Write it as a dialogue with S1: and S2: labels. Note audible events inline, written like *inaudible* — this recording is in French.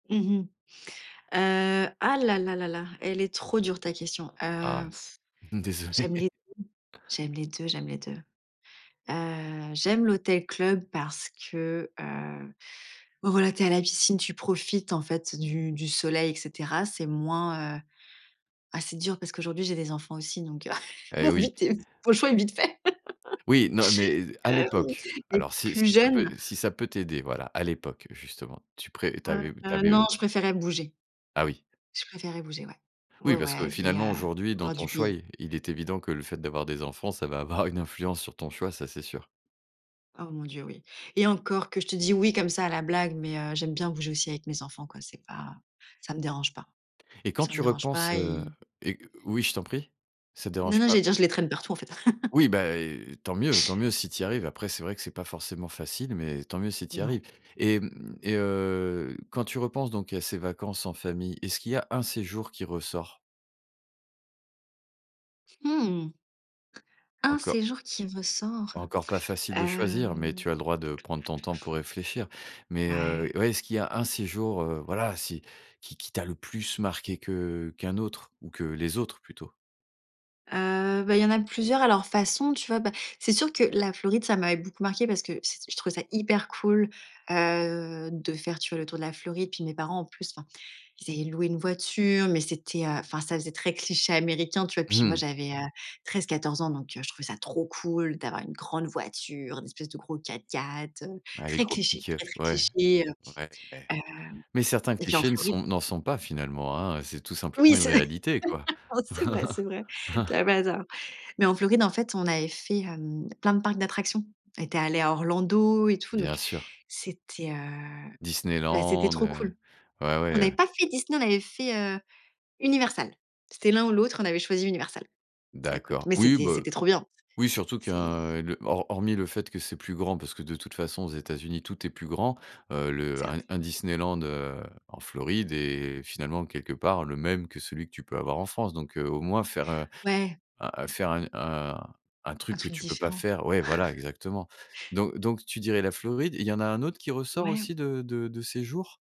S1: Mmh mh, heu, ah là là là là, elle est trop dure ta question,
S2: Ah
S1: heu, f
S2: ouais, désolé.
S1: j'aime les j'aime les 2, j'aime les 2, heu, j'aime l'hôtel-club parce que, heu, bah voilà, tu es à la piscine, tu profites en fait du du soleil et cetera. C'est moins, heu ah c'est dur parce qu'aujourd'hui, j'ai des enfants aussi, donc, heu, *chuckles*
S2: Et
S1: mon
S2: oui.
S1: vite est v mon choix est vite fait. *laughs*
S2: Oui, non, mais à
S1: Ah mmh,
S2: l'époque.
S1: mais
S2: Alors si
S1: plus
S2: si ça peut
S1: jeune
S2: si ça peut t'aider, voilà, à l'époque, justement, tu pré tu
S1: Heu
S2: avais tu
S1: heu,
S2: avais,
S1: non,
S2: heu
S1: je préférais bouger.
S2: Ah oui.
S1: Je préférais bouger, ouais. Ouais,
S2: Oui,
S1: ouais,
S2: parce que
S1: aller,
S2: finalement,
S1: heu,
S2: aujourd'hui, dans
S1: voir du
S2: ton choix,
S1: pays.
S2: il il est évident que le fait d'avoir des enfants, ça va avoir une influence sur ton choix, ça, c'est sûr.
S1: Oh mon Dieu, oui et encore que je te dis oui comme ça à la blague, mais, heu, j'aime bien bouger aussi avec mes enfants quoi, c'est pas ça me dérange pas,
S2: Et quand
S1: ça me
S2: tu
S1: dérange
S2: repenses,
S1: pas,
S2: heu
S1: ils
S2: et q oui, je t'en prie, ça te
S1: Non
S2: dérange
S1: non,
S2: pas
S1: j'allais dire, je les traîne partout en fait. *chuckles*
S2: Oui, bah et tant mieux, tant mieux si tu y arrives. Après, c'est vrai que c'est pas forcément facile mais tant mieux si tu y
S1: Non.
S2: arrives et mmh, et heu, quand tu repenses donc à ces vacances en famille, est-ce qu'il y a 1 séjour qui ressort?
S1: Mmh mh. Un
S2: Enco
S1: séjour qui ressort,
S2: Encore pas facile de choisir, mais
S1: hem,
S2: tu as le
S1: heu?
S2: droit de prendre ton temps pour réfléchir. Mais, heu
S1: Ouais.
S2: ouais est-ce qu'il y a un séjour, heu, voilà, si qui qui t'a le plus marqué que qu'un autre, ou que les autres plutôt?
S1: Heu, ben, il y en a plusieurs à leur façon, tu vois? Ben, c'est sûr que la Floride, ça m'avait beaucoup marqué parce cet je trouvais ça hyper cool, heu, de faire tu vois, le tour de la Floride. Puis mes parents, en plus enfin, ils avaient loué une voiture, mais c'était, heu enfin, ça faisait très cliché américain, tu vois? Puis moi,
S2: *chuckles*
S1: j'avais, heu, 13-14 ans, donc, heu, je trouvais ça trop cool d'avoir une grande voiture, une espèce de gros 4x4, heu,
S2: Ouais les
S1: très cliché,
S2: tropiques, heu,
S1: très, très
S2: ouais,
S1: cliché, heu
S2: ouais mais
S1: heu
S2: mais certains
S1: et puis en
S2: clichés ne
S1: Floride
S2: sont n'en sont pas finalement, hein. C'est tout simplement
S1: Oui,
S2: une
S1: c
S2: réalité quoi.
S1: *laughs* c'est vrai, c'est vrai, tu
S2: *chuckles*
S1: as pas tort. Mais en Floride, en fait, on avait fait, hem, plein de parcs d'attractions. On était allé à Orlando et tout,
S2: Bien
S1: donc
S2: sûr.
S1: c'était, heu, ben, c'était
S2: Disneyland,
S1: trop
S2: heu,
S1: cool.
S2: ouais
S1: On
S2: ouais,
S1: avait
S2: ouais.
S1: pas fait Disney, on avait fait, heu, Universal. C'était l'un ou l'autre. On avait choisi Universal. Ça écoute
S2: D'accord
S1: mais
S2: oui,
S1: c'était
S2: bah
S1: c'était trop bien
S2: oui surtout
S1: c'est
S2: qu'un le hor hormis le fait que c'est plus grand parce que de toute façon aux États-Unis tout est plus grand. Heu, le un
S1: Certes.
S2: un Disneyland, heu, en Floride est finalement quelque part le même que celui que tu peux avoir en France. Donc, heu, au moins faire, heu,
S1: Ouais.
S2: un un faire u un un
S1: Un
S2: truc que
S1: truc
S2: tu peux pas
S1: différent.
S2: faire ouais, voilà
S1: *chuckles*
S2: exactement. Donc donc tu dirais la Floride. Il y en a un autre qui ressort
S1: Ouais.
S2: aussi de de de séjours?